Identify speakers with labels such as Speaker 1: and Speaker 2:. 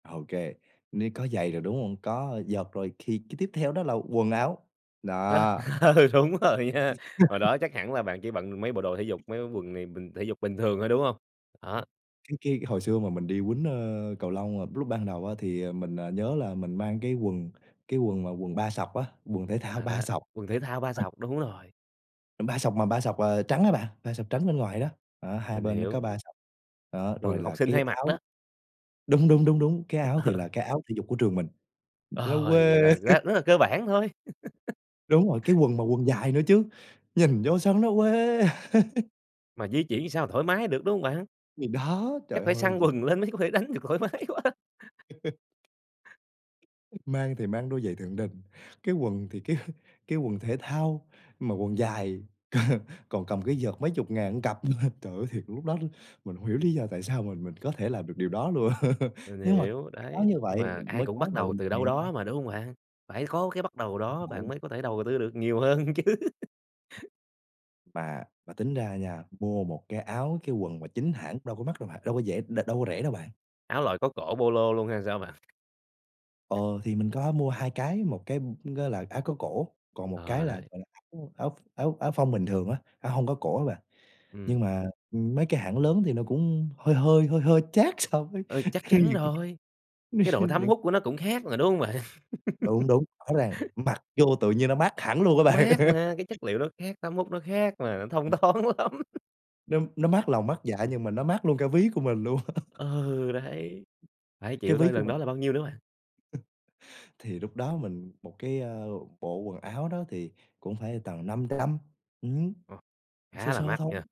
Speaker 1: OK, ni có giày rồi, đúng hông? Có vợt rồi, thì cái tiếp theo đó là quần áo,
Speaker 2: Ờ,
Speaker 1: đó.
Speaker 2: ờ, đúng rồi nha, hồi đó chắc hẳn là bạn chỉ bận được mấy bộ đồ thể dục, mấy cái quần này bình thể dục bình thường thôi, đúng hông? Đó.
Speaker 1: Cái cái hồi xưa mà mình đi quýnh, ơ, cầu lông mà lúc ban đầu á, thì, à, mình, à, nhớ là mình mang cái quần, cái quần mà quần ba sọc á, quần thể thao
Speaker 2: À,
Speaker 1: ba
Speaker 2: đó,
Speaker 1: sọc.
Speaker 2: quần thể thao ba
Speaker 1: [unintelligible]
Speaker 2: sọc, đúng rồi.
Speaker 1: Ba sọc mà ba sọc, à, trắng á bạn, ba sọc trắng bên ngoài đó, đó, hai
Speaker 2: Mình
Speaker 1: bên nó có
Speaker 2: hiểu.
Speaker 1: ba sọc. Đó, rồi
Speaker 2: Quần
Speaker 1: là
Speaker 2: học sinh
Speaker 1: cái
Speaker 2: hay mặc
Speaker 1: áo
Speaker 2: đó.
Speaker 1: đúng, đúng, đúng, đúng, cái áo thì là cái áo thể dục của trường mình, nó
Speaker 2: Ờ,
Speaker 1: quê.
Speaker 2: vậy là rất rất là cơ bản thôi.
Speaker 1: Đúng rồi, cái quần mà quần dài nữa chứ, nhìn vô sao nó quê.
Speaker 2: Mà di chuyển sao thoải mái được, đúng hông bạn?
Speaker 1: Thì đó,
Speaker 2: Chắc
Speaker 1: trời
Speaker 2: phải
Speaker 1: ơi!
Speaker 2: xăn
Speaker 1: Gi
Speaker 2: quần lên mới có thể đánh được thoải mái quá!
Speaker 1: Mang thì mang đôi giày Thượng Đình, cái quần thì cái cái quần thể thao mà quần dài, còn còn cầm cái vợt mấy chục ngàn một cặp nữa. Trời ơi, thiệt lúc đó luôn mình hông hiểu lý do tại sao mà mình có thể làm được điều đó luôn.
Speaker 2: Mình
Speaker 1: Nhưng mà
Speaker 2: hiểu,
Speaker 1: phải có
Speaker 2: đấy,
Speaker 1: như
Speaker 2: nhưng
Speaker 1: vậy
Speaker 2: mà ai
Speaker 1: mới
Speaker 2: cũng
Speaker 1: có
Speaker 2: bắt
Speaker 1: ngày
Speaker 2: đầu từ
Speaker 1: ngày
Speaker 2: đâu
Speaker 1: hôm nay.
Speaker 2: đó mà, đúng hông bạn? Phải có cái bắt đầu đó bạn
Speaker 1: [unintelligible]
Speaker 2: mới có thể đầu tư được nhiều hơn chứ.
Speaker 1: Mà mà tính ra nha, mua một cái áo cái quần mà chính hãng đâu có mắc đâu bạn đâu có dễ đ đâu có rẻ đâu bạn.
Speaker 2: Áo loại có cổ Polo luôn hay là sao bạn?
Speaker 1: Ờ, thì mình có mua 2 cái, 1 cái, ừm, á là áo có cổ còn 1 cái
Speaker 2: Ờ,
Speaker 1: là,
Speaker 2: đấy.
Speaker 1: gọi là, áo áo áo áo phông bình thường á, áo hông có cổ á bạn. Nhưng
Speaker 2: Ừm.
Speaker 1: mà, ừm, mấy cái hãng lớn thì nó cũng hơi hơi, hơi hơi chát so với
Speaker 2: Ừ, chắc
Speaker 1: khi
Speaker 2: chắn
Speaker 1: những
Speaker 2: rồi,
Speaker 1: cái
Speaker 2: cái độ thấm
Speaker 1: những
Speaker 2: hút của nó cũng khác mà, đúng hông bạn?
Speaker 1: Đúng, đúng, rõ ràng mặc vô tự nhiên nó mát hẳn luôn á bạn.
Speaker 2: Mát mà, cái chất liệu nó khác, thấm hút nó khác mà, thông thoáng lắm.
Speaker 1: Đúng, nó mát lòng mát dạ nhưng mà nó mát luôn cả ví của mình luôn.
Speaker 2: Ừ, đấy, phải
Speaker 1: Cái
Speaker 2: chịu
Speaker 1: ví
Speaker 2: thôi,
Speaker 1: của
Speaker 2: lần
Speaker 1: mình
Speaker 2: đó là bao nhiêu nữa bạn?
Speaker 1: thì lúc đó mình một cái, a, bộ quần áo đó thì cũng phải tầm 500, ừm,
Speaker 2: Ờ.
Speaker 1: sơ
Speaker 2: Khá là
Speaker 1: sơ
Speaker 2: mắc nha.
Speaker 1: thôi.